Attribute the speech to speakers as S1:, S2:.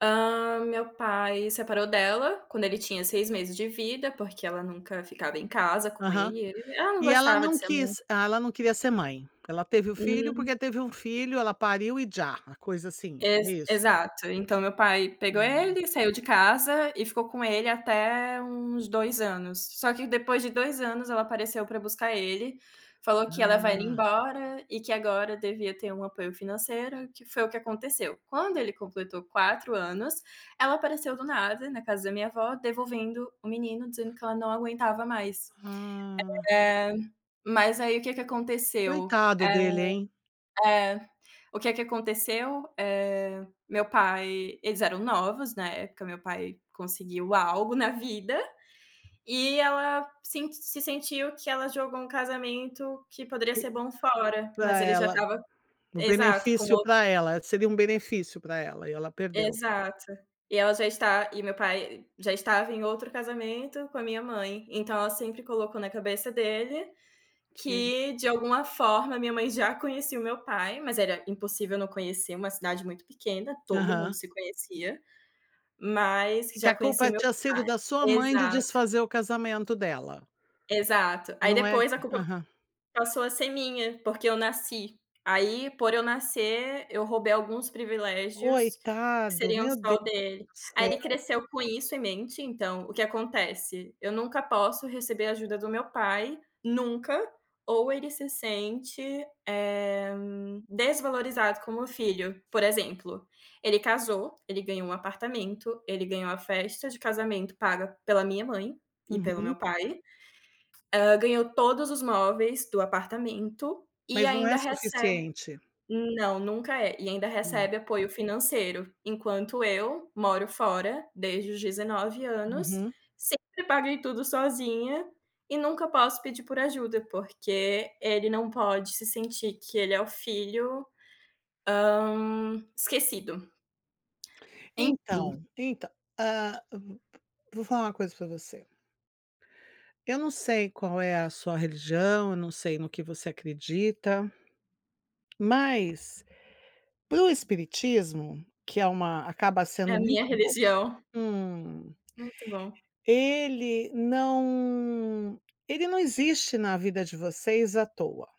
S1: Hã, meu pai separou dela, quando ele tinha 6 meses de vida porque ela nunca ficava em casa com
S2: Aham.
S1: ele ela não
S2: E ela
S1: gostava de
S2: não
S1: ser mãe.
S2: quis, ah, ela não queria ser mãe. Ela teve o filho
S1: Hum.
S2: porque teve um filho, ela pariu e já a coisa assim,
S1: Ex
S2: isso.
S1: exato, então meu pai pegou
S2: Hum.
S1: ele, saiu de casa e ficou com ele até uns 2 anos. Só que depois de 2 anos ela apareceu para buscar ele, falou que ia levar ele
S2: Ah.
S1: embora, e que agora devia ter um apoio financeiro, que foi o que aconteceu. Quando ele completou 4 anos, ela apareceu do nada, na casa da minha avó, devolvendo o menino dizendo que ela não aguentava mais.
S2: Ah.
S1: Eh, mas aí o que que aconteceu,
S2: Coitado
S1: é
S2: dele, hein.
S1: é. O que que aconteceu, eh, meu pai, eles eram novos na época, meu pai conseguiu algo na vida, e ela sen se sentiu que ela jogou um casamento que poderia
S2: Que
S1: ser bom fora, mas
S2: para
S1: ele já
S2: ela,
S1: estava
S2: um
S1: exato, com
S2: benefício
S1: o
S2: para ela, seria um benefício para ela e ela perdeu.
S1: Exato. E ela já está e meu pai já estava em outro casamento com a minha mãe, então ela sempre colocou na cabeça dele,
S2: Que.
S1: que de alguma forma a minha mãe já conhecia o meu pai, mas era impossível não conhecer, uma cidade muito pequena, todo mundo
S2: Aham.
S1: se conhecia. Mas que
S2: Que
S1: já
S2: a
S1: conhecia
S2: culpa
S1: o meu
S2: tinha sido
S1: pai,
S2: da sua mãe de
S1: exato.
S2: desfazer o casamento dela.
S1: Exato, aí
S2: Não é.
S1: depois a culpa
S2: Aham.
S1: passou a ser minha, porque eu nasci. Aí, por eu nascer, eu roubei alguns privilégios que
S2: Coitado,
S1: seriam
S2: meu Deus
S1: só dele.
S2: do
S1: Aí ele
S2: céu.
S1: cresceu com isso em mente então, o que acontece. Eu nunca posso receber ajuda do meu pai, nunca, ou ele se sente, eh, desvalorizado como filho. Por exemplo, ele casou, ele ganhou um apartamento, ele ganhou a festa de casamento paga pela minha mãe, e pelo
S2: Uhum.
S1: meu pai, hã, ganhou todos os móveis do apartamento, e
S2: Mas não
S1: ainda
S2: é
S1: recebe
S2: suficiente.
S1: não, nunca é, e ainda
S2: Não.
S1: recebe apoio financeiro. Enquanto eu moro fora, desde os 19 anos,
S2: Uhum.
S1: sempre paguei tudo sozinha, e nunca posso pedir por ajuda, porque ele não pode se sentir que ele é o filho, hã, esquecido. Enfim.
S2: Então, então ah, [unintelligible] vou falar uma coisa para você. Eu não sei qual é a sua religião, eu não sei no que você acredita. Mas, para o espiritismo, que é uma acaba
S1: É
S2: sendo
S1: a minha
S2: muito bo
S1: religião.
S2: hum.
S1: Muito bom.
S2: Ele não ele não existe na vida de vocês à toa.